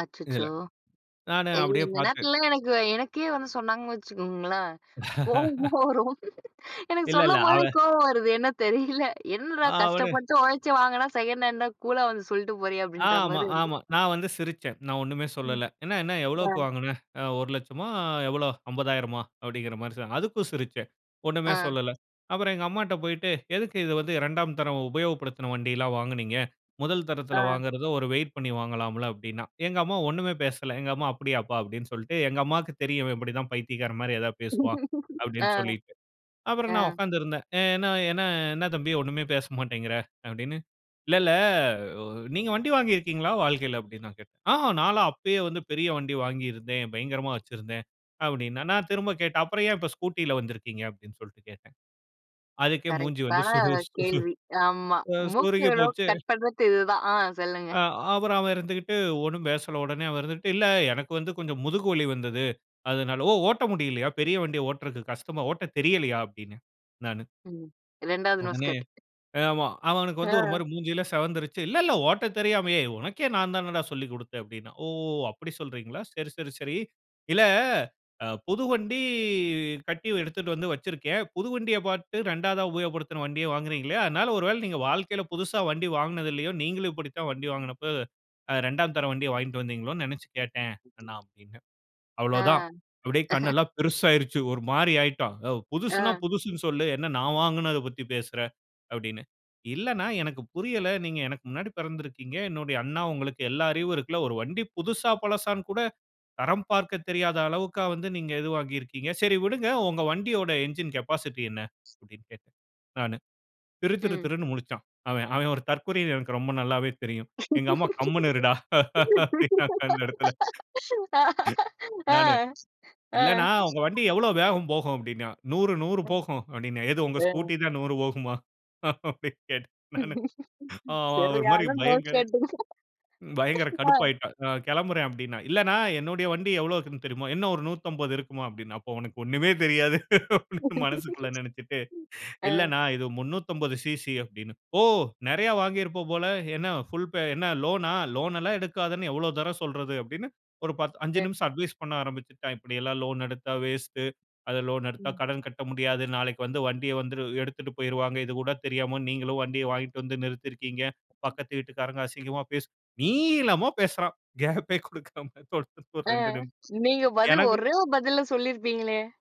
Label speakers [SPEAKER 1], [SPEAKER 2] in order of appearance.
[SPEAKER 1] அச்சச்சோ!
[SPEAKER 2] இதில, நானு
[SPEAKER 1] ஏங்க
[SPEAKER 2] அப்படியே
[SPEAKER 1] இந்த
[SPEAKER 2] பார்த்து
[SPEAKER 1] நேரத்துலலாம் எனக்கு, எனக்கே வந்து சொன்னாங்கன்னு வச்சுக்கோங்களேன். கோவமா வரும். எனக்கு
[SPEAKER 2] இல்ல, இல்ல.
[SPEAKER 1] சொல்லம்போது
[SPEAKER 2] அவன்
[SPEAKER 1] கோவம் வருது. என்ன தெரியல. "என்னடா!
[SPEAKER 2] ஆ. அவனு
[SPEAKER 1] கஷ்டப்பட்டு உழைச்சி வாங்குனா, செகண்ட் ஹேண்டா? கூலா வந்து சொல்லிட்டு போறியா?" அப்படின்ற
[SPEAKER 2] ஆமா,
[SPEAKER 1] மாரி வருது.
[SPEAKER 2] ஆமா. நான் வந்து சிரிச்சேன். நான் ஒண்ணுமே
[SPEAKER 1] ம்.
[SPEAKER 2] சொல்லல. என்ன, என்ன? எவ்வளவுக்கு
[SPEAKER 1] ஆ.
[SPEAKER 2] வாங்கின? ஆ ₹1,00,000 மா? எவ்வளோ? ₹50,000 மா? அப்பிடீங்கிற மாரி சொன் அதுக்கும் சிரிச்சேன். ஒண்ணுமே
[SPEAKER 1] ஆ.
[SPEAKER 2] சொல்லல. அப்புறம் எங்க அம்மாட்ட போய்ட்டு, "எதுக்கு இத வந்து 2ஆம் தரம், உபயோகப்படுத்தின வண்டியெல்லாம் வாங்குனீங்க? முதல்
[SPEAKER 1] ஆ.
[SPEAKER 2] தரத்தில வாங்குறத, ஒரு வெயிட் பண்ணி வாங்கலாம்ல்ல." அப்பிடீன்னான். எங்க அம்மா ஒண்ணுமே பேசல. எங்க அம்மா "அப்படியாப்பா?" அப்பிடீன்னு சொல்லிட்டு, எங்க அம்மாவுக்கு தெரியும், "இவன் இப்பிடிதான் பைத்தியக்காரன் மாரி ஏதாவது பேசுவான்." அப்பிடீன்னு
[SPEAKER 1] ஆ,
[SPEAKER 2] சொல்லிட்டு. அப்புறம்
[SPEAKER 1] ஆ.
[SPEAKER 2] நான் உட்கார்ந்து இருந்தேன். ஆ என்ன, என்ன, என்ன தம்பி, ஒண்ணுமே பேச மாட்டேன்கிற" அப்பிடீன்னு. இல்ல, இல்ல. "நீங்க வண்டி வாங்கிருக்கீங்களா, வாழ்க்கைல?" அப்பிடீன்னு நான் கேட்டேன். "ஆ நான்லாம் அப்பயே வந்து பெரிய வண்டி வாங்கியிருந்தேன். பயங்கரமா வைச்சிருந்தேன்." அப்பிடீன்னான். நான் திரும்ப கேட்டேன். "அப்புறம் ஏன் இப்போ, ஸ்கூட்டில வந்திருக்கீங்க?" அப்பிடீன்னு சொல்லிட்டு கேட்டேன். அதுக்கே மூஞ்சி வந்து
[SPEAKER 1] கரெக்டான
[SPEAKER 2] சுரு சு
[SPEAKER 1] கேள்வி. ஆமா.
[SPEAKER 2] ஆ
[SPEAKER 1] மூக்கு
[SPEAKER 2] சுருங்கி
[SPEAKER 1] நோ
[SPEAKER 2] போச்சு.
[SPEAKER 1] கட் பண்றத்து இது தான். ஆ சொல்லுங்க.
[SPEAKER 2] ஆ. அப்புறம் அவன் இருந்துகிட்டு ஒண்ணும் பேசல. உடனே அவன் இருந்துக்கிட்டு, "இல்ல, எனக்கு வந்து கொஞ்சம் முதுகு வலி வந்தது, அதனால" "ஓ! ஓட்ட முடியலயா? பெரிய வண்டிய ஓட்டுறதுக்கு கஷ்டமா? ஓட்ட தெரியலையா?" அப்பிடீன்னேன், நானு.
[SPEAKER 1] ம். 2வது நோஸ்
[SPEAKER 2] உடனே,
[SPEAKER 1] கட்.
[SPEAKER 2] அ ஆமா. அவனுக்கு வந்து ஒரு
[SPEAKER 1] ஆ.
[SPEAKER 2] மாரி மூஞ்சியெல்லா சிவந்துருச்சு. "இல்லல்ல, ஓட்டத் தெரியாம, ஏய்! உனக்கே நான் தானடா சொல்லிக் குடுத்தேன்" அப்பிடீன்னான். "ஓ! அப்படி சொல்றீங்களா? சரி, சரி, சரி. இல்ல, ஆ புது வண்டி கட்டி எடுத்துட்டு வந்து வைச்சிருக்கேன். புது வண்டியப் பார்த்து, 2வதா உபயோகப்படுத்தின வண்டிய வாங்குறேன்னீங்களே! அதனால, ஒருவேள நீங்க வாழ்க்கைல புதுசா வண்டி வாங்கினது இல்லையோ. நீங்களும் இப்படி தான் வண்டி வாங்கின போது, 2ஆம் தரம் வண்டிய வாங்கிட்டு வந்தீங்களோன்னு நினைச்சு கேட்டேன், அண்ணா." அப்பிடீன்னேன்.
[SPEAKER 1] ஆ.
[SPEAKER 2] அவ்வளவு தான் அப்படியே கண் எல்லாம் பெரிசா ஆகிருச்சு. ஒரு மாரி ஆகிட்டான். யோவ்! புதுசுன்னா,
[SPEAKER 1] ஆ.
[SPEAKER 2] புதுசுன்னு சொல்லு, என்ன நான் வாங்கினத பத்தி பேசுற." அப்பிடீன்னு. "இல்லண்ணா, எனக்கு புரியல. நீங்க எனக்கு முன்னாடி பிறந்துருக்கீங்க. என்னுடைய அண்ணா. உங்களுக்கு எல்லா அறிவும் இருக்குல்ல. ஒரு வண்டி புதுசா, பழசான்னு கூட தரம் பார்க்கத் தெரியாத அளவுக்கா வந்து, நீங்க இது வாங்கிருக்கீங்க. சரி விடுங்க. உங்க வண்டியோட என்ஜின் கேபாசிட்டி என்ன?" அப்பிடீன்னு கேட்டேன், நானு. திரு திரு
[SPEAKER 1] ம்.
[SPEAKER 2] திருன்னு முழிச்சான் அவென். அவென் ஒரு தற்குறின்னு எனக்கு ரொம்ப நல்லாவே தெரியும். எங்க அம்மா, "கம்முனு இருடா!" அப்பிடீன்னாங்க, அந்த இடத்தில.
[SPEAKER 1] ஆ,
[SPEAKER 2] நானு,
[SPEAKER 1] ஆ.
[SPEAKER 2] "இல்லண்ணா, உங்க வண்டி எவ்வளவு வேகம் போகும்?" அப்பிடீன்னா. "100, 100
[SPEAKER 1] ம்.
[SPEAKER 2] போகும்" அப்பிடீன்னான். "எது? உங்க
[SPEAKER 1] அ.
[SPEAKER 2] ஸ்கூட்டி தான் 100 போகுமா?" அப்பிடீன்னு கேட்டேன், நானு. அவன் ஒரு மாதிரி
[SPEAKER 1] சரியான
[SPEAKER 2] பயங்க
[SPEAKER 1] நோஸ் கட்டுங்க.
[SPEAKER 2] பயங்கர
[SPEAKER 1] ஆ.
[SPEAKER 2] கடுப்பாகிட்டான். "நான் கிளம்புறேன்." அப்பிடீன்னான். இல்லண்ணா, என்னுடைய வண்டி எவ்வளவு இருக்குதுன்னு தெரியுமா?" "என்ன ஒரு 150 இருக்குமா?" அப்பிடீன்னான். "அப்போ, உனக்கு ஒண்ணுமே தெரியாது" அப்பிடீன்னு மனசுக்குள்ள நினைச்சுட்டு,
[SPEAKER 1] ம், ஆ.
[SPEAKER 2] இல்ல அண்ணா, இது 350 சிசி அப்பிடீன்னேன். "ஓ! நிறைய வாங்கியிருப்ப போல. என்ன புல்பே என்ன லோனா? லோன் எல்லாம் எடுக்காதேன்னு எவ்வளோ தரம் சொல்றது?" அப்பிடீன்னு ஒரு 10, 5
[SPEAKER 1] அ.
[SPEAKER 2] நிமிஷம் அட்வைஸ் பண்ண ஆரம்பிச்சுட்டான். "இப்பிடி எல்லாம் லோன் எடுத்தா வேஸ்ட்டு, அது லோன் எடுத்தா
[SPEAKER 1] ம்.
[SPEAKER 2] கடன் கட்ட முடியாது. நாளைக்கு வந்து வண்டிய வந்துரு எடுத்துட்டு போயிருவாங்க. இது கூட தெரியாம நீங்களும் வண்டியை வாங்கிட்டு வந்து நிறுத்திருக்கீங்க. பக்கத்து வீட்டுக்காரங்க அசிங்கமா பேசு நீளமா பேசுறான், கேப்பே குடுக்காம, தொடர்ந்து ஒரு
[SPEAKER 1] ஆ.
[SPEAKER 2] 2 நிமி
[SPEAKER 1] நீங்க பதில்,
[SPEAKER 2] எனக்கு
[SPEAKER 1] ஒரே ஒரு பதில்ல சொல்லியிருப்பீங்களே.